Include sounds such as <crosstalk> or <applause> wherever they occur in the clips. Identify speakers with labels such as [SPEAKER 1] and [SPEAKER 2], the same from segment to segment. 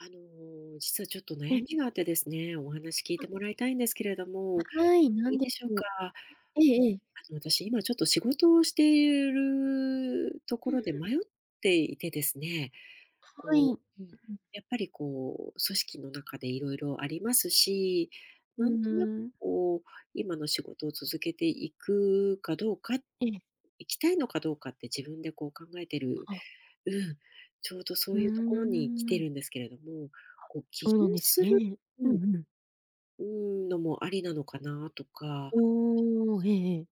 [SPEAKER 1] あの、実はちょっと
[SPEAKER 2] え。
[SPEAKER 1] 悩みがあってですね、お話聞いて
[SPEAKER 2] あ。
[SPEAKER 1] もらいたいんですけれど
[SPEAKER 2] あ、
[SPEAKER 1] も、
[SPEAKER 2] はい。な
[SPEAKER 1] いい
[SPEAKER 2] んで
[SPEAKER 1] でしょう
[SPEAKER 2] しょう。
[SPEAKER 1] か？
[SPEAKER 2] ん、ええええ。
[SPEAKER 1] あの、私今ちょっと仕事をしている-ると
[SPEAKER 2] う
[SPEAKER 1] こ
[SPEAKER 2] ん、
[SPEAKER 1] ろで
[SPEAKER 2] ふ。
[SPEAKER 1] 迷っていてですね、
[SPEAKER 2] はい。
[SPEAKER 1] こ
[SPEAKER 2] う
[SPEAKER 1] う、うん、
[SPEAKER 2] ん。
[SPEAKER 1] やっぱり、こう、組織の中でいろいろありますし、
[SPEAKER 2] う
[SPEAKER 1] なん
[SPEAKER 2] ん、う
[SPEAKER 1] となく、
[SPEAKER 2] ーん。
[SPEAKER 1] こう、今の仕事を続けていくかどうか、
[SPEAKER 2] ええ。
[SPEAKER 1] 行きたいのかどうかって自分で、こう、考えてる、
[SPEAKER 2] ああ。
[SPEAKER 1] うん、ちょうどそ
[SPEAKER 2] ふう
[SPEAKER 1] ういうところに来て
[SPEAKER 2] ん。
[SPEAKER 1] るんですけれども。
[SPEAKER 2] あ、
[SPEAKER 1] こう、起
[SPEAKER 2] そうな
[SPEAKER 1] 業
[SPEAKER 2] んです
[SPEAKER 1] する、
[SPEAKER 2] ね。
[SPEAKER 1] う
[SPEAKER 2] う
[SPEAKER 1] ん、
[SPEAKER 2] んうん。
[SPEAKER 1] うーん、のも有りなのかな、とか、
[SPEAKER 2] おお、ええええ。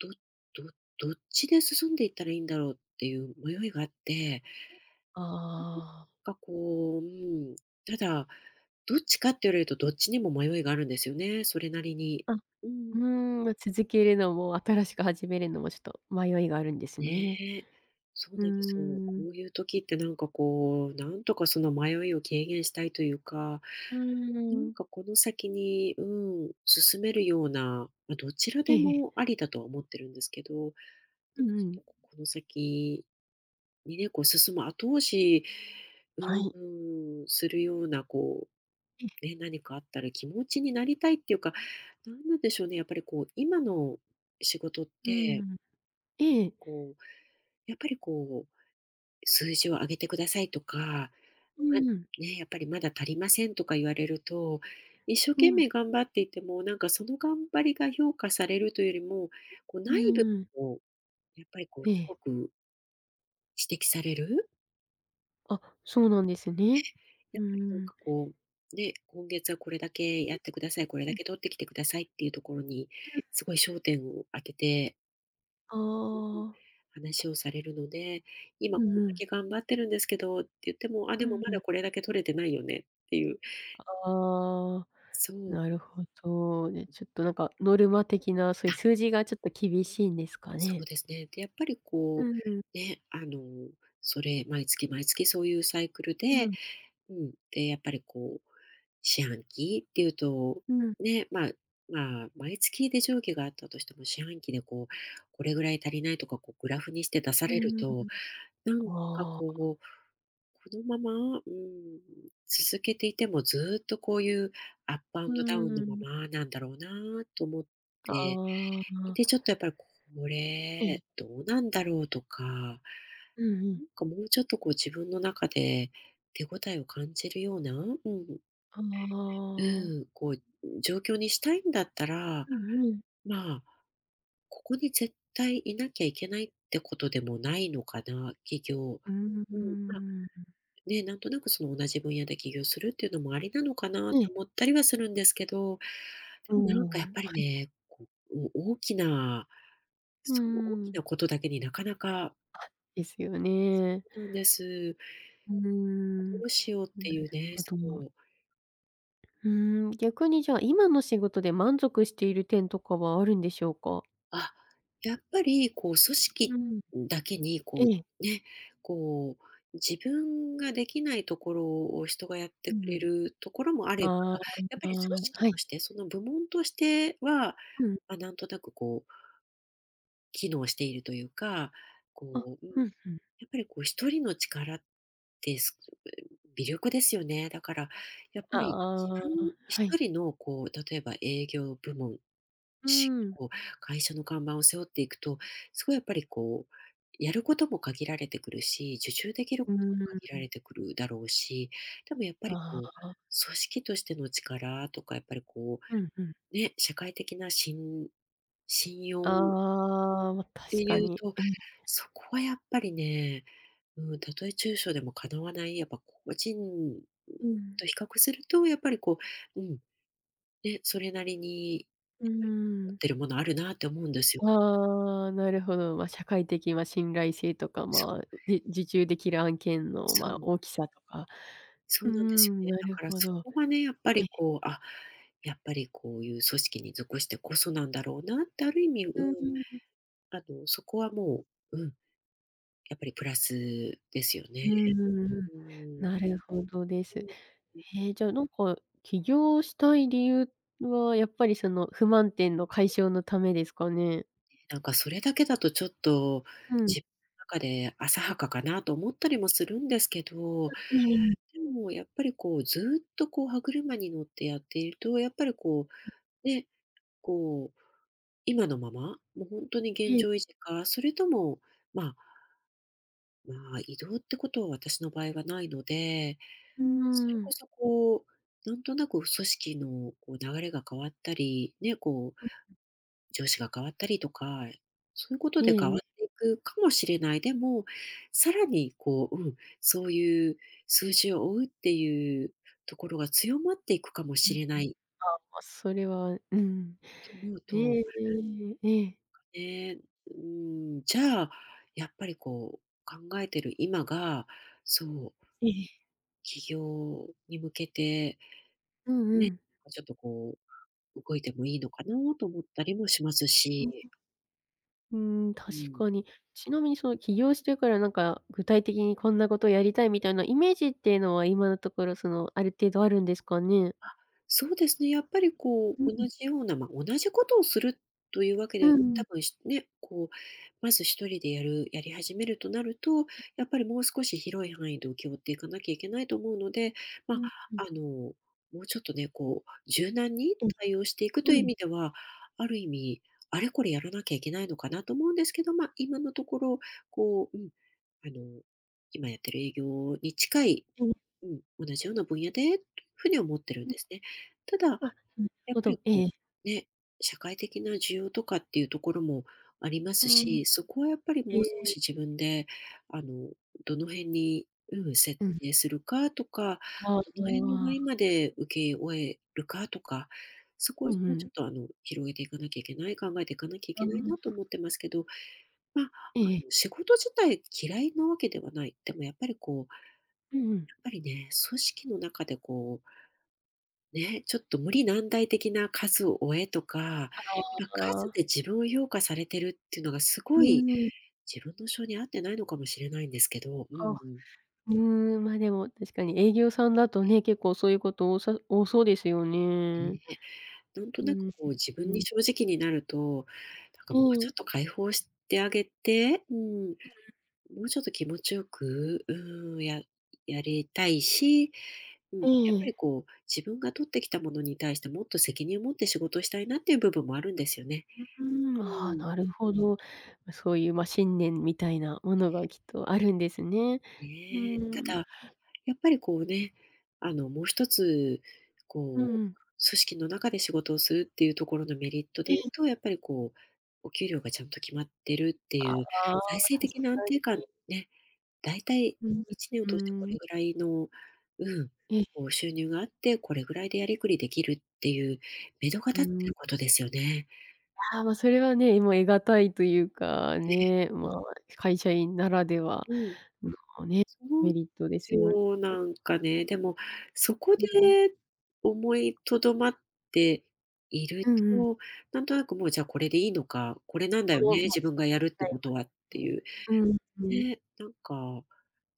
[SPEAKER 1] ちょっと、そう、うん、どどどっちで進んでいったらいいんだろうっていう迷いがあって。
[SPEAKER 2] ああ。
[SPEAKER 1] <unintelligible> かこう、うん、ただ、どっちかって言われるとどっちにも迷いがあるんですよね、それなりに。
[SPEAKER 2] あ。う
[SPEAKER 1] うん。
[SPEAKER 2] ーん、ま、続けるのも新しく始めるのも、ちょっと迷いがあるんですね。
[SPEAKER 1] ね。そう
[SPEAKER 2] うー
[SPEAKER 1] なんです。こ
[SPEAKER 2] ん。
[SPEAKER 1] ういう時ってなんかこう、なんとかその迷いを軽減したいというか、
[SPEAKER 2] う
[SPEAKER 1] な
[SPEAKER 2] ー
[SPEAKER 1] ん
[SPEAKER 2] ん。
[SPEAKER 1] かこの先に、うん、進めるような、ま、どちら
[SPEAKER 2] ええ
[SPEAKER 1] で
[SPEAKER 2] ええ。
[SPEAKER 1] もありだと思ってるんですけど、
[SPEAKER 2] うんう
[SPEAKER 1] <unintelligible>
[SPEAKER 2] ん。
[SPEAKER 1] この先にね、こう進む後押し、
[SPEAKER 2] は
[SPEAKER 1] う
[SPEAKER 2] い。
[SPEAKER 1] ん、するようなこ
[SPEAKER 2] え。
[SPEAKER 1] う、ね、何かあったら気持ちになりたいっていうか、なんなんでしょうね、やっぱりこう、今の仕事っ
[SPEAKER 2] うんう
[SPEAKER 1] て
[SPEAKER 2] ん。ええ、え。
[SPEAKER 1] こう、やっぱりこう、数字を上げてくださいとか、
[SPEAKER 2] う
[SPEAKER 1] ま、
[SPEAKER 2] んうん。
[SPEAKER 1] ね、やっぱりまだ足りませんとか言われると、一生
[SPEAKER 2] う
[SPEAKER 1] 懸
[SPEAKER 2] ん。
[SPEAKER 1] 命頑張っていても、なんかその頑張りが評価されるというよりも、こう
[SPEAKER 2] う
[SPEAKER 1] 内
[SPEAKER 2] ん
[SPEAKER 1] 部
[SPEAKER 2] うん。
[SPEAKER 1] をこう、やっぱりこ
[SPEAKER 2] え
[SPEAKER 1] うす
[SPEAKER 2] え。
[SPEAKER 1] ごく指摘される。
[SPEAKER 2] あ、そうなんです
[SPEAKER 1] え
[SPEAKER 2] ね。
[SPEAKER 1] え、
[SPEAKER 2] う
[SPEAKER 1] やっぱりなん
[SPEAKER 2] ーん。
[SPEAKER 1] かこう、ね、今月はこれだけやってください、これだ
[SPEAKER 2] うん。
[SPEAKER 1] け取ってきてくださいっていうところに
[SPEAKER 2] うん。
[SPEAKER 1] すごい焦点を当てて
[SPEAKER 2] あ
[SPEAKER 1] うんうん、
[SPEAKER 2] あ。
[SPEAKER 1] 話をされるので、今
[SPEAKER 2] う
[SPEAKER 1] こ
[SPEAKER 2] ん
[SPEAKER 1] ん
[SPEAKER 2] う
[SPEAKER 1] だ
[SPEAKER 2] ん。
[SPEAKER 1] け頑張ってるんですけどって言っても、あ、
[SPEAKER 2] う
[SPEAKER 1] でも
[SPEAKER 2] ん
[SPEAKER 1] ま
[SPEAKER 2] うん。
[SPEAKER 1] だこれだけ取れてないよねっていう。
[SPEAKER 2] ああ、
[SPEAKER 1] そう。
[SPEAKER 2] なるほど。で、ちょっとなんか、ノルマ的なそういう
[SPEAKER 1] な。
[SPEAKER 2] 数字がちょっと厳しいんですか
[SPEAKER 1] そ
[SPEAKER 2] ね。
[SPEAKER 1] うですね。で、やっぱり
[SPEAKER 2] う
[SPEAKER 1] こ
[SPEAKER 2] んうん。
[SPEAKER 1] う、ね、あの、それ、毎月毎月そういうサイクル
[SPEAKER 2] う
[SPEAKER 1] で
[SPEAKER 2] ん。
[SPEAKER 1] うん。で、やっぱりこう、四半期っていうと
[SPEAKER 2] うん。
[SPEAKER 1] ね、ま、まあ、毎月微増益があったとしても、四半期でこう、これぐらい足りないとか、こうグラフにして出さ
[SPEAKER 2] う
[SPEAKER 1] れ
[SPEAKER 2] う
[SPEAKER 1] る
[SPEAKER 2] んう
[SPEAKER 1] と、
[SPEAKER 2] ん。
[SPEAKER 1] なんか
[SPEAKER 2] ああ。
[SPEAKER 1] こう、このまま、うん、続けていてもずっとこういうアップアン
[SPEAKER 2] う
[SPEAKER 1] ドダウンの
[SPEAKER 2] ー
[SPEAKER 1] ま
[SPEAKER 2] ん。
[SPEAKER 1] まなんだろうなと思って。
[SPEAKER 2] ああ。
[SPEAKER 1] で、ちょっとやっぱり、こ
[SPEAKER 2] ええ。
[SPEAKER 1] れどうなんだろうとか。なん
[SPEAKER 2] うんうん。
[SPEAKER 1] か、もうちょっと、こう、自分の中で手応えを感じるようなうんうん。
[SPEAKER 2] ああ。
[SPEAKER 1] うん。こう、ん、状況にしたいんだったら、
[SPEAKER 2] うんうん。
[SPEAKER 1] まあ、ここに絶対いなきゃいけないってことでもないのかな。起業。
[SPEAKER 2] うん、うー
[SPEAKER 1] うん、まあ、
[SPEAKER 2] ん。
[SPEAKER 1] ね、なんとなくその同じ分野で起業するっていうのもありなのかな
[SPEAKER 2] ええ。
[SPEAKER 1] と思ったりはするんですけど、
[SPEAKER 2] お
[SPEAKER 1] でも、なんかやっ
[SPEAKER 2] お、
[SPEAKER 1] ぱ
[SPEAKER 2] は
[SPEAKER 1] り
[SPEAKER 2] い。
[SPEAKER 1] ね、こお大きな
[SPEAKER 2] うー
[SPEAKER 1] そう、大き
[SPEAKER 2] ん。
[SPEAKER 1] なことだけになかなか
[SPEAKER 2] ですよね。
[SPEAKER 1] そうなんです。
[SPEAKER 2] うー
[SPEAKER 1] あ、ど
[SPEAKER 2] ん、
[SPEAKER 1] うしようっ
[SPEAKER 2] なん
[SPEAKER 1] て
[SPEAKER 2] だ
[SPEAKER 1] いう
[SPEAKER 2] ろ、
[SPEAKER 1] ね、
[SPEAKER 2] あ
[SPEAKER 1] そ
[SPEAKER 2] とは。
[SPEAKER 1] う。
[SPEAKER 2] うーん、逆にじゃあ、今の仕事で満足している点とかはあるんでしょうか？
[SPEAKER 1] あ、やっぱり、こう、組
[SPEAKER 2] う
[SPEAKER 1] 織
[SPEAKER 2] ん。
[SPEAKER 1] うん、だけに、こ
[SPEAKER 2] え
[SPEAKER 1] う、
[SPEAKER 2] え。
[SPEAKER 1] ね、こう、自分ができないところを人がやっ
[SPEAKER 2] う
[SPEAKER 1] てく
[SPEAKER 2] んう
[SPEAKER 1] れ
[SPEAKER 2] ん、
[SPEAKER 1] るところもあれば、
[SPEAKER 2] あ
[SPEAKER 1] やっぱ
[SPEAKER 2] あ、
[SPEAKER 1] り、
[SPEAKER 2] ん、あ
[SPEAKER 1] 組
[SPEAKER 2] あ、
[SPEAKER 1] 織
[SPEAKER 2] は
[SPEAKER 1] と
[SPEAKER 2] い。
[SPEAKER 1] して、その、部門としては、
[SPEAKER 2] うん。
[SPEAKER 1] ま、なんとなくこう機能しているというか、
[SPEAKER 2] あ、
[SPEAKER 1] こう、うん、
[SPEAKER 2] うん、ふん。
[SPEAKER 1] やっぱり、こう、1人の力ってすごく、うん、微力ですよね。だから、やっぱ
[SPEAKER 2] あ、
[SPEAKER 1] り、自
[SPEAKER 2] あ
[SPEAKER 1] 分
[SPEAKER 2] あ、
[SPEAKER 1] ひ
[SPEAKER 2] は
[SPEAKER 1] と
[SPEAKER 2] い。
[SPEAKER 1] りの、こう、例えば営業部門、
[SPEAKER 2] うー
[SPEAKER 1] し
[SPEAKER 2] ん。
[SPEAKER 1] こう、会社の看板を背負っていくと、そこ、やっぱりこう、やることも限られてくるし、受注できる
[SPEAKER 2] う
[SPEAKER 1] ことも
[SPEAKER 2] ー
[SPEAKER 1] 限られ
[SPEAKER 2] ん。
[SPEAKER 1] てくるだろうし、でもやっぱり、
[SPEAKER 2] あ
[SPEAKER 1] こう、
[SPEAKER 2] あ。
[SPEAKER 1] 組織としての力とかやっぱり、こ
[SPEAKER 2] うん、ふん。
[SPEAKER 1] う、ね、社会的な信信用
[SPEAKER 2] ああ、ま、
[SPEAKER 1] って
[SPEAKER 2] 確か
[SPEAKER 1] いう
[SPEAKER 2] に。
[SPEAKER 1] と、
[SPEAKER 2] うん。
[SPEAKER 1] そこはやっぱりね、うん、たとえ中小でもかなわない、やっぱ、個人、ん、
[SPEAKER 2] うん。
[SPEAKER 1] と比較すると、やっぱり、こう、うん、ね、それなりに
[SPEAKER 2] う
[SPEAKER 1] やっ
[SPEAKER 2] ん、
[SPEAKER 1] ぱ
[SPEAKER 2] う
[SPEAKER 1] り、持
[SPEAKER 2] ーん。
[SPEAKER 1] ってるものあるなって思うんですよ。
[SPEAKER 2] ああ、なるほど。ま、社会的、ま、信頼性とか、
[SPEAKER 1] そ
[SPEAKER 2] ま
[SPEAKER 1] う。
[SPEAKER 2] あ、じ受注できる案件の、
[SPEAKER 1] そ
[SPEAKER 2] まあ、
[SPEAKER 1] う。
[SPEAKER 2] 大きさとか。
[SPEAKER 1] そ
[SPEAKER 2] う
[SPEAKER 1] うなんですよ
[SPEAKER 2] ん、
[SPEAKER 1] ね。
[SPEAKER 2] な
[SPEAKER 1] だ
[SPEAKER 2] る
[SPEAKER 1] から
[SPEAKER 2] ほ
[SPEAKER 1] そ
[SPEAKER 2] ど。
[SPEAKER 1] こはね、やっぱ
[SPEAKER 2] え、
[SPEAKER 1] り、こ
[SPEAKER 2] ふ。
[SPEAKER 1] う、あ、やっぱり、こういう組織に属してこそなんだろうなって、ある意味、う
[SPEAKER 2] うんう
[SPEAKER 1] ん、
[SPEAKER 2] ん、う。
[SPEAKER 1] あの、そこはもう、うん。やっぱりプラスですよ
[SPEAKER 2] う
[SPEAKER 1] ね。
[SPEAKER 2] ん、んんん、
[SPEAKER 1] ううーん。
[SPEAKER 2] なるほどです。
[SPEAKER 1] うん、う。
[SPEAKER 2] ええ、じゃあ、なんか、起業したい理由はやっぱり、その、不満点の解消のためですかね？
[SPEAKER 1] なんか、それだけだとちょっと、
[SPEAKER 2] うん。
[SPEAKER 1] じ中で浅はかかなと思ったりもするんですけ
[SPEAKER 2] あ、
[SPEAKER 1] ど、
[SPEAKER 2] うーん。
[SPEAKER 1] もうやっぱり、こう、ずっとこう、歯車に乗ってやっていると、やっぱりこう、ね、こう、今のまま、もうほんとに現
[SPEAKER 2] ええ。
[SPEAKER 1] 状維持か、それとも、まあまあ、異動ってことは私の場合はないので、
[SPEAKER 2] うー
[SPEAKER 1] それこ
[SPEAKER 2] ん。
[SPEAKER 1] そこう、なんとなく組織のこう、流れが変わったり、ね、こう、
[SPEAKER 2] うん、
[SPEAKER 1] 上司
[SPEAKER 2] う
[SPEAKER 1] が変わったりとか、そういうこと
[SPEAKER 2] え
[SPEAKER 1] で
[SPEAKER 2] え
[SPEAKER 1] 変わ
[SPEAKER 2] ええ。
[SPEAKER 1] っていくかもしれない。でも、さらにこう、うん、そういう、数字を追うっていうところが強まっていくかも
[SPEAKER 2] うん
[SPEAKER 1] し
[SPEAKER 2] うん。
[SPEAKER 1] れない
[SPEAKER 2] ああ、それは、うん。
[SPEAKER 1] と思うと、
[SPEAKER 2] で、
[SPEAKER 1] そっ
[SPEAKER 2] え
[SPEAKER 1] か、
[SPEAKER 2] えええ。
[SPEAKER 1] ええ、うーん、じゃあ、やっぱりこう、考えてる今が、そう
[SPEAKER 2] ええ。
[SPEAKER 1] 起業に向けて
[SPEAKER 2] うんう
[SPEAKER 1] ね、
[SPEAKER 2] ん。
[SPEAKER 1] ちょっとこう、動いてもいいのかなと思ったりもします
[SPEAKER 2] うんう
[SPEAKER 1] し。
[SPEAKER 2] ん。うーん、
[SPEAKER 1] う
[SPEAKER 2] 確
[SPEAKER 1] ん。
[SPEAKER 2] かに。ちなみにその、起業してから、なんか具体的にこんなことをやりたいみたいなイメージっていうのは、今のところ、その、ある程度あるんですかね？
[SPEAKER 1] あ、そうですね、やっぱりこ
[SPEAKER 2] うん
[SPEAKER 1] う、
[SPEAKER 2] うん。
[SPEAKER 1] 同じようなま、同じことをするというわけ
[SPEAKER 2] う
[SPEAKER 1] では、
[SPEAKER 2] んう
[SPEAKER 1] 多
[SPEAKER 2] ん。
[SPEAKER 1] 分しね、こう、まず一人でやるやり始めるとなると、
[SPEAKER 2] はい。
[SPEAKER 1] やっぱりもう少し広い範囲で受け負っていかなきゃいけないと思うので、
[SPEAKER 2] う
[SPEAKER 1] ま、
[SPEAKER 2] んうん。
[SPEAKER 1] あの、もうちょっとね、こう、柔軟に
[SPEAKER 2] うん、
[SPEAKER 1] 対応していくという
[SPEAKER 2] う
[SPEAKER 1] 意
[SPEAKER 2] ん。
[SPEAKER 1] 味では、ある意味、あれ、これやらなきゃいけないのかなと思うんですけど、ま、今のところ、こう、うん、あの、今やってる営業に近い、
[SPEAKER 2] ええ。
[SPEAKER 1] うん、同じような分野でっていうふうに思ってるん
[SPEAKER 2] うん。
[SPEAKER 1] ですね。ただ、
[SPEAKER 2] あ、なる
[SPEAKER 1] やっ
[SPEAKER 2] ほ
[SPEAKER 1] ぱり
[SPEAKER 2] ど。え
[SPEAKER 1] こ
[SPEAKER 2] え。
[SPEAKER 1] う、ね、社会的な需要とかっていうところもありま
[SPEAKER 2] う
[SPEAKER 1] す
[SPEAKER 2] ーん。
[SPEAKER 1] し、そこはやっぱり、
[SPEAKER 2] え
[SPEAKER 1] もう少
[SPEAKER 2] え。
[SPEAKER 1] し自分で、あの、どの辺に、うん、設
[SPEAKER 2] うん。
[SPEAKER 1] 定するかとか、
[SPEAKER 2] ああ、
[SPEAKER 1] どの辺
[SPEAKER 2] の、
[SPEAKER 1] の
[SPEAKER 2] あ
[SPEAKER 1] 範囲
[SPEAKER 2] あ。
[SPEAKER 1] まで請け負えるかとか、そこ
[SPEAKER 2] う
[SPEAKER 1] は
[SPEAKER 2] んう
[SPEAKER 1] もうち
[SPEAKER 2] ん。
[SPEAKER 1] ょっと、あの、広げていかなきゃいけない、考えていかなきゃい
[SPEAKER 2] ああ
[SPEAKER 1] け
[SPEAKER 2] あ
[SPEAKER 1] な
[SPEAKER 2] あ
[SPEAKER 1] いなと
[SPEAKER 2] ああ。
[SPEAKER 1] 思ってますけど、ま、あ
[SPEAKER 2] ええええ。
[SPEAKER 1] の、仕事自体嫌いなわけではない。でも、やっぱりこう
[SPEAKER 2] うんうん。
[SPEAKER 1] やっぱりね、組織の中でこうね、ちょっと無理難題的な数を追えとか、ま、
[SPEAKER 2] あああ
[SPEAKER 1] 数
[SPEAKER 2] あ。
[SPEAKER 1] で自分を評価されてるっていうのが、す
[SPEAKER 2] う
[SPEAKER 1] ご
[SPEAKER 2] ー
[SPEAKER 1] い
[SPEAKER 2] ん。
[SPEAKER 1] 自分の性に合ってないのかもしれないんですけど、うん
[SPEAKER 2] あ、う
[SPEAKER 1] うん。
[SPEAKER 2] ーん、まあ、でも確かに営業さんだと
[SPEAKER 1] ええ。
[SPEAKER 2] ね、結構そういうこと多さ多そうですよね。
[SPEAKER 1] ねえ、なんと
[SPEAKER 2] う
[SPEAKER 1] なく
[SPEAKER 2] ん、
[SPEAKER 1] こう自
[SPEAKER 2] う
[SPEAKER 1] 分に
[SPEAKER 2] ん。
[SPEAKER 1] 正直になると、なん
[SPEAKER 2] う
[SPEAKER 1] かもう
[SPEAKER 2] ー
[SPEAKER 1] ちょっ
[SPEAKER 2] ん。
[SPEAKER 1] と解放してあげて、うーん、
[SPEAKER 2] うんうん。
[SPEAKER 1] もうちょっと気持ちよく、うーん、ややりたいし、うん、
[SPEAKER 2] え
[SPEAKER 1] や
[SPEAKER 2] え
[SPEAKER 1] っぱ
[SPEAKER 2] え
[SPEAKER 1] り
[SPEAKER 2] え。
[SPEAKER 1] こう、自分が取ってきたものに対してもっと責任を持って仕事したいなっていう部分もあるんですよね。
[SPEAKER 2] あ、うーん、
[SPEAKER 1] う
[SPEAKER 2] あ
[SPEAKER 1] ー
[SPEAKER 2] あ、
[SPEAKER 1] ん。
[SPEAKER 2] なるほど。そういう、ま、信念みたいなものがきっとあるんですね。う
[SPEAKER 1] ねえ。
[SPEAKER 2] ー
[SPEAKER 1] た
[SPEAKER 2] ん。
[SPEAKER 1] だ、やっぱりこうね、あの、もう一つ、
[SPEAKER 2] うんう
[SPEAKER 1] こう、
[SPEAKER 2] ん。
[SPEAKER 1] 組織の中で仕事をするっていうところのメリット
[SPEAKER 2] え
[SPEAKER 1] でいう
[SPEAKER 2] え。
[SPEAKER 1] と、やっぱりこう、お給料がちゃんと決まってるって
[SPEAKER 2] あ
[SPEAKER 1] いう、財
[SPEAKER 2] あ、
[SPEAKER 1] 政
[SPEAKER 2] 確
[SPEAKER 1] 的な安
[SPEAKER 2] か
[SPEAKER 1] 定感
[SPEAKER 2] に。
[SPEAKER 1] ね、大体
[SPEAKER 2] うん、
[SPEAKER 1] 1年を
[SPEAKER 2] う
[SPEAKER 1] 通してこ
[SPEAKER 2] ーん。
[SPEAKER 1] れぐらいの、うん、
[SPEAKER 2] ええ。
[SPEAKER 1] こう、収入があって、これぐらいでやりくりできるっていう目途が立ってる
[SPEAKER 2] う
[SPEAKER 1] ことですよね。
[SPEAKER 2] ああ、まあ、それはね、もう得難いというか
[SPEAKER 1] ええ。
[SPEAKER 2] ね、まあ、会社員ならでは
[SPEAKER 1] うん。
[SPEAKER 2] のね、
[SPEAKER 1] その
[SPEAKER 2] メリットですよね。
[SPEAKER 1] そう、なんかね、でも、そこ
[SPEAKER 2] うん。
[SPEAKER 1] で思いとどまっている
[SPEAKER 2] うんうん。
[SPEAKER 1] と、なんとなく、もう、じゃあこれでいいのか、これなんだよ
[SPEAKER 2] 後は
[SPEAKER 1] ね、
[SPEAKER 2] まあ、
[SPEAKER 1] 自
[SPEAKER 2] そ
[SPEAKER 1] 分
[SPEAKER 2] う、
[SPEAKER 1] がやるって
[SPEAKER 2] 早
[SPEAKER 1] こ
[SPEAKER 2] く、
[SPEAKER 1] とはって
[SPEAKER 2] で、
[SPEAKER 1] いう、
[SPEAKER 2] うん、うん。
[SPEAKER 1] ね、なんか、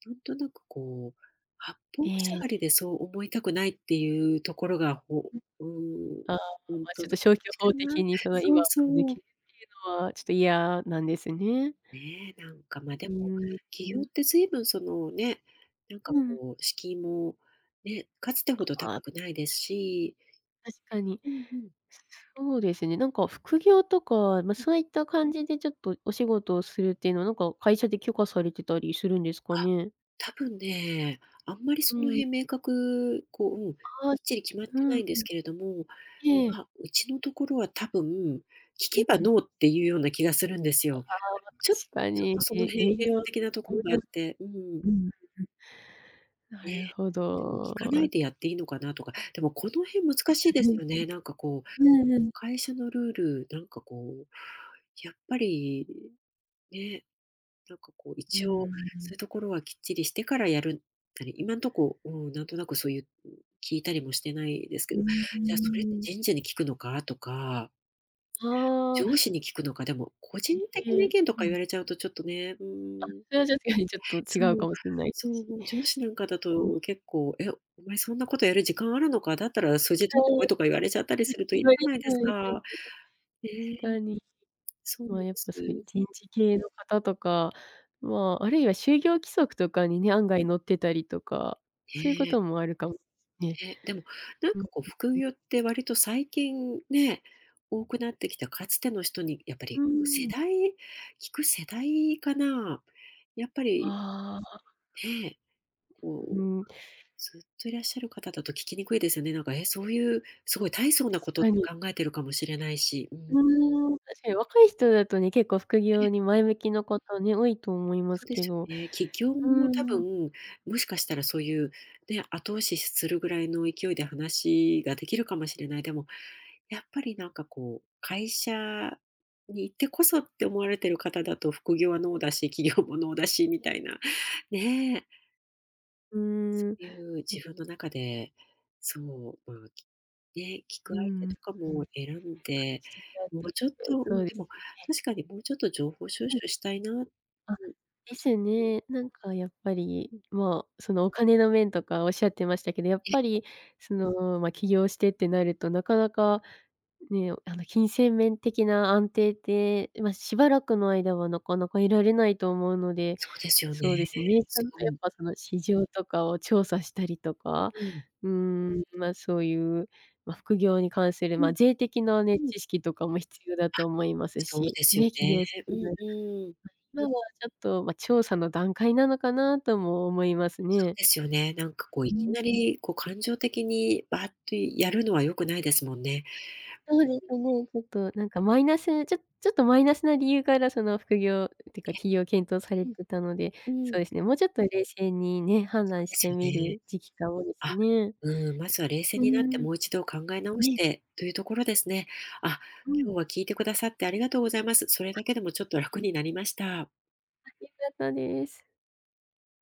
[SPEAKER 1] なんとなくこう、八方
[SPEAKER 2] え
[SPEAKER 1] 塞がり
[SPEAKER 2] え。
[SPEAKER 1] で、そう思いたくないっていうところが、ほ
[SPEAKER 2] うん。
[SPEAKER 1] うーん、
[SPEAKER 2] ああ、
[SPEAKER 1] ほん
[SPEAKER 2] まあ、ち
[SPEAKER 1] と <unintelligible>
[SPEAKER 2] ょっと
[SPEAKER 1] か
[SPEAKER 2] 消去法
[SPEAKER 1] な。
[SPEAKER 2] 的に、その、
[SPEAKER 1] そ
[SPEAKER 2] 今
[SPEAKER 1] う-
[SPEAKER 2] <unintelligible> って
[SPEAKER 1] そう。
[SPEAKER 2] いうのはちょっと嫌なんですね。
[SPEAKER 1] ねえ、なんか、ま、で
[SPEAKER 2] うー
[SPEAKER 1] も、
[SPEAKER 2] ん、う
[SPEAKER 1] 起業っ
[SPEAKER 2] ん。
[SPEAKER 1] てずいぶんその、ね、なんか
[SPEAKER 2] うん。
[SPEAKER 1] こう、敷居も、ね、かつてほ
[SPEAKER 2] か、
[SPEAKER 1] ど
[SPEAKER 2] あ。
[SPEAKER 1] 高くないですし。
[SPEAKER 2] 確かに。
[SPEAKER 1] うんうん。
[SPEAKER 2] そうですね、なんか副業とか、まあ、
[SPEAKER 1] うん。
[SPEAKER 2] そういった感じで、ちょっとお仕事をするっていうのは、なんか会社で許可されてたりするんですか
[SPEAKER 1] あ、
[SPEAKER 2] ね？
[SPEAKER 1] たぶんね、あんまり
[SPEAKER 2] う
[SPEAKER 1] その
[SPEAKER 2] ん。
[SPEAKER 1] 辺明確こう、うん、きっ
[SPEAKER 2] ああ、
[SPEAKER 1] ちり決まっ
[SPEAKER 2] う
[SPEAKER 1] て
[SPEAKER 2] ん、
[SPEAKER 1] ないんで
[SPEAKER 2] う
[SPEAKER 1] す
[SPEAKER 2] ん。
[SPEAKER 1] けれども、
[SPEAKER 2] ええ。
[SPEAKER 1] まあ、うちのところはたぶん、聞
[SPEAKER 2] う
[SPEAKER 1] け
[SPEAKER 2] ん
[SPEAKER 1] ば
[SPEAKER 2] うん。
[SPEAKER 1] ノーっていうような気がするんです
[SPEAKER 2] あ
[SPEAKER 1] よ。
[SPEAKER 2] あ、
[SPEAKER 1] ちょ
[SPEAKER 2] 確か
[SPEAKER 1] ちょっと
[SPEAKER 2] に、
[SPEAKER 1] その
[SPEAKER 2] え
[SPEAKER 1] 辺、
[SPEAKER 2] 営
[SPEAKER 1] 閉
[SPEAKER 2] 業、
[SPEAKER 1] 鎖的なところがあっ
[SPEAKER 2] <unintelligible>
[SPEAKER 1] て、うーん。
[SPEAKER 2] うん、うん。な
[SPEAKER 1] ね。
[SPEAKER 2] るほ
[SPEAKER 1] でも聞かな
[SPEAKER 2] ど。
[SPEAKER 1] いでやっていいのかなとか、でもこの辺
[SPEAKER 2] え、
[SPEAKER 1] 難し
[SPEAKER 2] そ
[SPEAKER 1] いで
[SPEAKER 2] れ
[SPEAKER 1] す
[SPEAKER 2] も
[SPEAKER 1] よね。なんか
[SPEAKER 2] <unintelligible>
[SPEAKER 1] こう、
[SPEAKER 2] うんうん。
[SPEAKER 1] 会社のルール、なんかこう、やっぱり、ね、なんかこう、
[SPEAKER 2] うー
[SPEAKER 1] 一応そ
[SPEAKER 2] ん。
[SPEAKER 1] ういうところはきっちりしてからやるなり、
[SPEAKER 2] うん。
[SPEAKER 1] 今んとこ、うん、なんとなくそういう聞いたりもしてないですけ
[SPEAKER 2] う
[SPEAKER 1] ど、
[SPEAKER 2] ん。うー
[SPEAKER 1] じゃあ、それって
[SPEAKER 2] ん。
[SPEAKER 1] 人事に聞くのかとか、
[SPEAKER 2] あ
[SPEAKER 1] 上司
[SPEAKER 2] あ。
[SPEAKER 1] に聞くのか、でも、個人的
[SPEAKER 2] え
[SPEAKER 1] な意
[SPEAKER 2] え、
[SPEAKER 1] 見と
[SPEAKER 2] う
[SPEAKER 1] か言
[SPEAKER 2] ん。
[SPEAKER 1] われちゃうと、ちょっとね、うー
[SPEAKER 2] あ、
[SPEAKER 1] ん。
[SPEAKER 2] それは確かにちょっと
[SPEAKER 1] そう、
[SPEAKER 2] 違うかもしんない
[SPEAKER 1] そ
[SPEAKER 2] し
[SPEAKER 1] う、上司なんかだ
[SPEAKER 2] うん。
[SPEAKER 1] と、結構、「え、お前そんなことやる時間あるのか、だったら数字取ってこい」と
[SPEAKER 2] <unintelligible>
[SPEAKER 1] か言われちゃったりす
[SPEAKER 2] で
[SPEAKER 1] ると、嫌
[SPEAKER 2] すよ
[SPEAKER 1] じ
[SPEAKER 2] ね、
[SPEAKER 1] ゃないですか。ねえ。ええ、
[SPEAKER 2] 確かに、
[SPEAKER 1] そうなん
[SPEAKER 2] ま
[SPEAKER 1] で
[SPEAKER 2] あ、やっぱそういう
[SPEAKER 1] す。
[SPEAKER 2] 人事系の方とか、まあ、あるいは就業規
[SPEAKER 1] うん。
[SPEAKER 2] 則とかにね、案外載ってたりとか、そういうこ
[SPEAKER 1] ねえ。
[SPEAKER 2] ともあるかもね。
[SPEAKER 1] ね、でも、なん
[SPEAKER 2] うん、
[SPEAKER 1] かこう、副
[SPEAKER 2] うん。
[SPEAKER 1] 業って割と最近ね、多くなってきた。かつての人にやっぱ
[SPEAKER 2] う
[SPEAKER 1] り世
[SPEAKER 2] ん。
[SPEAKER 1] 代、聞く世代かな、やっぱり
[SPEAKER 2] ああ。
[SPEAKER 1] ええ、こう、
[SPEAKER 2] う
[SPEAKER 1] ずっといらっしゃる方だと聞きにくいですよね、なんか、え、そういう、す
[SPEAKER 2] あ、
[SPEAKER 1] ごい大層なこ
[SPEAKER 2] 確
[SPEAKER 1] とっ
[SPEAKER 2] か
[SPEAKER 1] て
[SPEAKER 2] に。
[SPEAKER 1] 考えてるかもしれないし、うー
[SPEAKER 2] う
[SPEAKER 1] ん。
[SPEAKER 2] ーん、確かに若い人だとね、結構副
[SPEAKER 1] ええ。
[SPEAKER 2] 業に前向きな方ね、多いと思いま
[SPEAKER 1] そ
[SPEAKER 2] す
[SPEAKER 1] うで
[SPEAKER 2] け
[SPEAKER 1] す
[SPEAKER 2] ど、
[SPEAKER 1] よね、起業
[SPEAKER 2] う
[SPEAKER 1] も多
[SPEAKER 2] ーん。
[SPEAKER 1] 分、もしかしたらそういう、ね、後押しするぐらいの勢いで話ができるかもしれない。でも、やっぱり、なんかこう、会社にいてこそって思われてる方だと副業はノーだし、起業もノーだしみたいな、ねえ。
[SPEAKER 2] うー
[SPEAKER 1] そ
[SPEAKER 2] ん。う
[SPEAKER 1] ういう自
[SPEAKER 2] ん。
[SPEAKER 1] 分の中で、そう、まあ、きね、聞く
[SPEAKER 2] う
[SPEAKER 1] 相
[SPEAKER 2] ん
[SPEAKER 1] 手
[SPEAKER 2] う
[SPEAKER 1] とか
[SPEAKER 2] ん。
[SPEAKER 1] も選ん
[SPEAKER 2] あ、
[SPEAKER 1] で、
[SPEAKER 2] そ、
[SPEAKER 1] もう
[SPEAKER 2] <unintelligible>
[SPEAKER 1] ちょっと、う
[SPEAKER 2] そ
[SPEAKER 1] ん、
[SPEAKER 2] うで
[SPEAKER 1] で
[SPEAKER 2] す
[SPEAKER 1] も、
[SPEAKER 2] ね。
[SPEAKER 1] 確かにもうちょっと情報収
[SPEAKER 2] うん。
[SPEAKER 1] 集したいな。うん。も
[SPEAKER 2] あ、で
[SPEAKER 1] うちょ
[SPEAKER 2] すよね。なんかやっぱり、
[SPEAKER 1] うん。
[SPEAKER 2] もう、そのお金の面とか仰ってましたけど、やっ
[SPEAKER 1] ええ。
[SPEAKER 2] ぱり、その、まあ、起業してってなると、なかなか、ね、あの、金銭面的な安定って、ま、しばらくの間はなかなか得られないと思うので
[SPEAKER 1] そうですよね。
[SPEAKER 2] そうですね。ちゃ
[SPEAKER 1] す
[SPEAKER 2] ん
[SPEAKER 1] ご
[SPEAKER 2] とやっ
[SPEAKER 1] い。
[SPEAKER 2] ぱその市場とかを調査したりとか、
[SPEAKER 1] うん。
[SPEAKER 2] うーん、まあ、そう言う、まあ、副業に関する、
[SPEAKER 1] う
[SPEAKER 2] まあ、
[SPEAKER 1] ん。
[SPEAKER 2] 税的なね、
[SPEAKER 1] うん。
[SPEAKER 2] 知識とかも必要だ
[SPEAKER 1] あ、
[SPEAKER 2] と思います
[SPEAKER 1] そう
[SPEAKER 2] し、
[SPEAKER 1] ですよ
[SPEAKER 2] ね、起
[SPEAKER 1] ね。
[SPEAKER 2] 業す
[SPEAKER 1] う
[SPEAKER 2] る
[SPEAKER 1] ん
[SPEAKER 2] なら、
[SPEAKER 1] うん。
[SPEAKER 2] はい。<unintelligible> ちょっと調査の段階なのかなとも思います
[SPEAKER 1] そ
[SPEAKER 2] ね。
[SPEAKER 1] うですよね、なんかこう、い
[SPEAKER 2] う
[SPEAKER 1] き
[SPEAKER 2] ん
[SPEAKER 1] な
[SPEAKER 2] うん。
[SPEAKER 1] り、こう、感情的にばあっとやるのは良くないですもんね。
[SPEAKER 2] はい。そうです
[SPEAKER 1] <unintelligible>
[SPEAKER 2] ね。ちょっとなんかマイナスちょっちょっとマイナスな理由からその、副業っていうか、起
[SPEAKER 1] え。
[SPEAKER 2] 業を検討され
[SPEAKER 1] うん。
[SPEAKER 2] てたので、そ
[SPEAKER 1] う
[SPEAKER 2] う
[SPEAKER 1] ん。
[SPEAKER 2] ですね、もうちょっと冷静にね、判
[SPEAKER 1] そ
[SPEAKER 2] 断
[SPEAKER 1] う
[SPEAKER 2] し
[SPEAKER 1] です
[SPEAKER 2] て
[SPEAKER 1] よ
[SPEAKER 2] み
[SPEAKER 1] ね。
[SPEAKER 2] る時期が多いです
[SPEAKER 1] あ、
[SPEAKER 2] ね。
[SPEAKER 1] うーん、まずは冷静
[SPEAKER 2] うー
[SPEAKER 1] になって
[SPEAKER 2] ん。
[SPEAKER 1] もう一度考え直し
[SPEAKER 2] ね。
[SPEAKER 1] て、というところですね。あ、
[SPEAKER 2] うん。
[SPEAKER 1] 今日は聞いてくださってありがとうございます。それ
[SPEAKER 2] あ、
[SPEAKER 1] だけでもちょっと
[SPEAKER 2] え
[SPEAKER 1] 楽
[SPEAKER 2] え。
[SPEAKER 1] になりました。
[SPEAKER 2] あ、良かったです。